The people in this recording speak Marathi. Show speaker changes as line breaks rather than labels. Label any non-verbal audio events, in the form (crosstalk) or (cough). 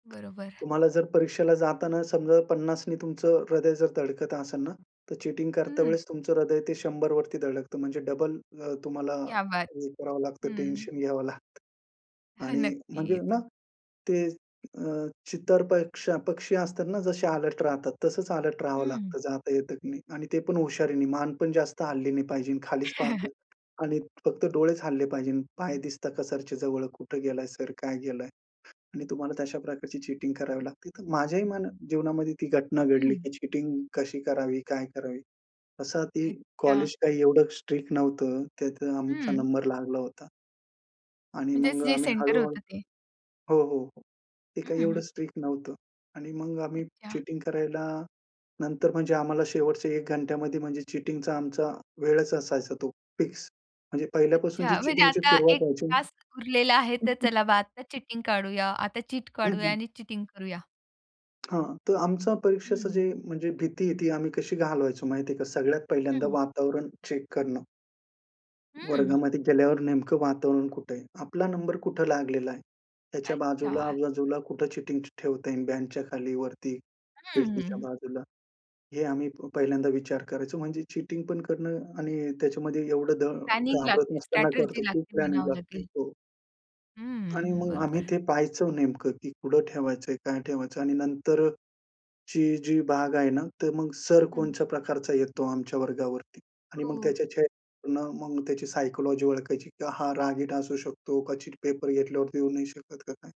बरोबर.
तुम्हाला जर परीक्षेला जाताना समजा 50 ने तुमचं हृदय जर धडकत असेल ना, तर चीटिंग करता
हं.
वेळेस तुमचं हृदय ते 100 वरती धडकतं. म्हणजे डबल अ, तुम्हाला
क्या बात!
हे करावं लागतं
हं.
टेन्शन घ्यावं लागतं.
(chuckles)
आणि म्हणजे
नक्कीच.
ना, ते अ, चित्तर पक्ष अ, पक्षी असतात ना, जसे अलर्ट राहतात. तसंच अलर्ट राहावं
हं.
लागतं, जात येत की नाही. आणि ते पण हुशारीने मान पण जास्त हलली नाही पाहिजे. खालीच
(chuckles)
पाहतो आणि फक्त डोळेच हलले पाहिजे. पाय दिसतात का सरचे जवळ. कुठे गेलाय सर? काय गेलंय? आणि तुम्हाला तशा प्रकारची चीटिंग करावी लागते. तर माझ्याही मना जीवनामध्ये ती घटना
हं.
घडली की चीटिंग
हं.
कशी करावी? काय करावी? असं ती
अच्छा.
कॉलेज काही एवढं स्ट्रिक्ट नव्हतं, त्यात आमचा
हं.
नंबर लागला होता. आणि
म्हणजे
मग
से जे
आम्ही
सेंटर
हळू-हळू
होतं ते.
हो, हो, हो. ते
हं,
काय
हं,
एवढं
हं.
स्ट्रिक्ट नव्हतं. आणि मग आम्ही
अच्छा.
चीटिंग करायला, नंतर म्हणजे आम्हाला शेवटच्या 1 घंट्यामध्ये म्हणजे चीटिंगचा आमचा वेळच असायचा तो फिक्स. म्हणजे पहिल्यापासून जी
अच्छा. म्हणजे
चीटिंगची
आता
सुरुवात
1
व्हायची ना
तास उरलेला आहे. तर
(chuckles)
चला बा, आता चीटिंग काढूया. आता चीट
हं,
काढूया
हं.
आणि चीटिंग करूया.
हां. तर आमचं
हं,
परीक्षेचं
हं.
जे म्हणजे भीती आहे, ती आम्ही कशी घालवायचो माहिती आहे का, सगळ्यात
हं,
पहिल्यांदा
हं.
वातावरण चेक करणं.
हं.
वर्गामध्ये गेल्यावर नेमकं वातावरण कुठे आहे? आपला नंबर कुठे लागलेला आहे. त्याच्या बाजूला,
अच्छा.
आजूबाजूला कुठे चीटिंग ठेवता येईल, बेंचच्या खाली, वरती,
हं, हं,
खिडकीच्या
हं.
बाजूला. हे आम्ही पहिल्यांदा विचार करायचो. म्हणजे चीटिंग पण करणं आणि त्याच्यामध्ये एवढं ध
प्लॅनिंग
घाबरत
लागतेच.
नसताना
स्ट्रॅटर्जी
करतो, खूप
लागते
प्लॅनिंग
म्हणावं
लागते.
लागेल.
हो. आणि
हं,
मग आम्ही
बरोबर.
ते पाहायचं नेमकं की कुठं ठेवायचंय? काय ठेवायचं? आणि नंतरची जी भाग आहे ना, तर मग सर
हं.
कोणत्या प्रकारचा येतो आमच्या वर्गावरती आणि मग
हो.
त्याच्या चेहऱ्यावरून मग त्याची सायकॉलॉजी ओळखायची की हा रागीट असू शकतो का चीट पेपर घेतल्यावरती देऊ नाही शकत का काय?